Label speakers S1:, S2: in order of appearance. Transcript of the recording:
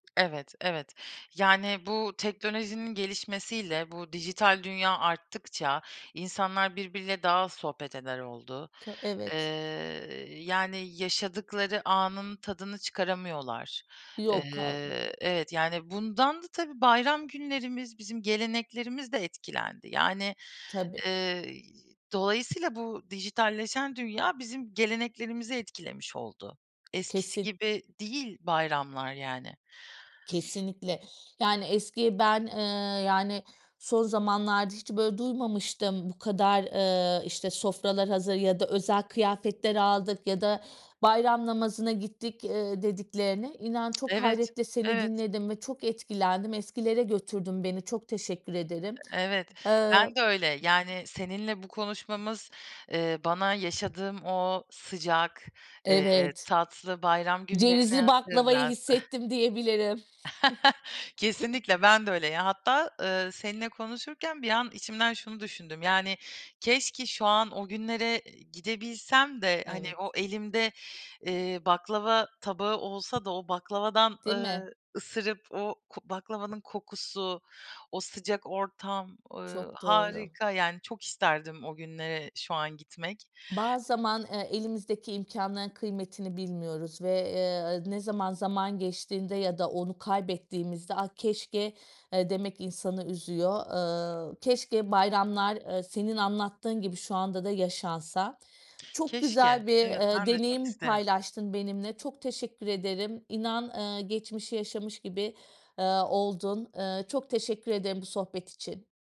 S1: Evet, evet. Yani bu teknolojinin gelişmesiyle, bu dijital dünya arttıkça insanlar birbiriyle daha az sohbet eder oldu.
S2: K
S1: Iıı,
S2: evet.
S1: yani yaşadıkları anın tadını çıkaramıyorlar.
S2: Yok. [unintelligible]
S1: Iıı, evet, yani bundan da tabii bayram günlerimiz, bizim geleneklerimiz de etkilendi. Yani,
S2: Tabii.
S1: ııı, dolayısıyla bu dijitalleşen dünya bizim geleneklerimizi etkilemiş oldu. Eskisi
S2: Kesin.
S1: gibi değil bayramlar yani.
S2: Kesinlikle! Yani eski ben, ııı, yani son zamanlarda hiç böyle duymamıştım, bu kadar, ııı, işte sofralar hazır ya da özel kıyafetler aldık ya da bayram namazına gittik, ııı, dediklerini. İnan çok
S1: Evet,
S2: hayretle seni
S1: evet.
S2: dinledim ve çok etkilendim eskilere götürdün beni çok teşekkür ederim.
S1: Evet, ben de
S2: Iıı
S1: öyle. Yani seninle bu konuşmamız, ııı, bana yaşadığım o sıcak, ııı,
S2: Evet.
S1: tatlı bayram günlerini
S2: Cevizli baklavayı
S1: hatırlattı.
S2: hissettim diyebilirim..
S1: Kesinlikle! Ben de öyle ya. Hatta, ııı, seninle konuşurken bir an içimden şunu düşündüm, yani keşke şu an o günlere gidebilsem de, hani
S2: Evet.
S1: o elimde, ııı, baklava tabağı olsa da, o baklavadan,
S2: Değil mi?
S1: ııı, ısırıp o ko baklavanın kokusu, o sıcak ortam, ııı,
S2: Çok doğru.
S1: harika. Yani çok isterdim o günlere şu an gitmek.
S2: Bazı zaman, eee, elimizdeki imkânların kıymetini bilmiyoruz ve, eee, ne zaman zaman geçtiğinde ya da onu kaybettiğimizde ah keşke, eee, demek insanı üzüyor. Iıı, keşke bayramlar, ııı, senin anlattığın gibi şu anda da yaşansa. Çok
S1: Keşke!
S2: güzel bir,
S1: Evet
S2: ııı,
S1: ben de çok
S2: deneyim
S1: isterim.
S2: paylaştın benimle. Çok teşekkür ederim, inan, ııı, geçmişi yaşamış gibi, ııı, oldum. Iıı, çok teşekkür ederim bu sohbet için.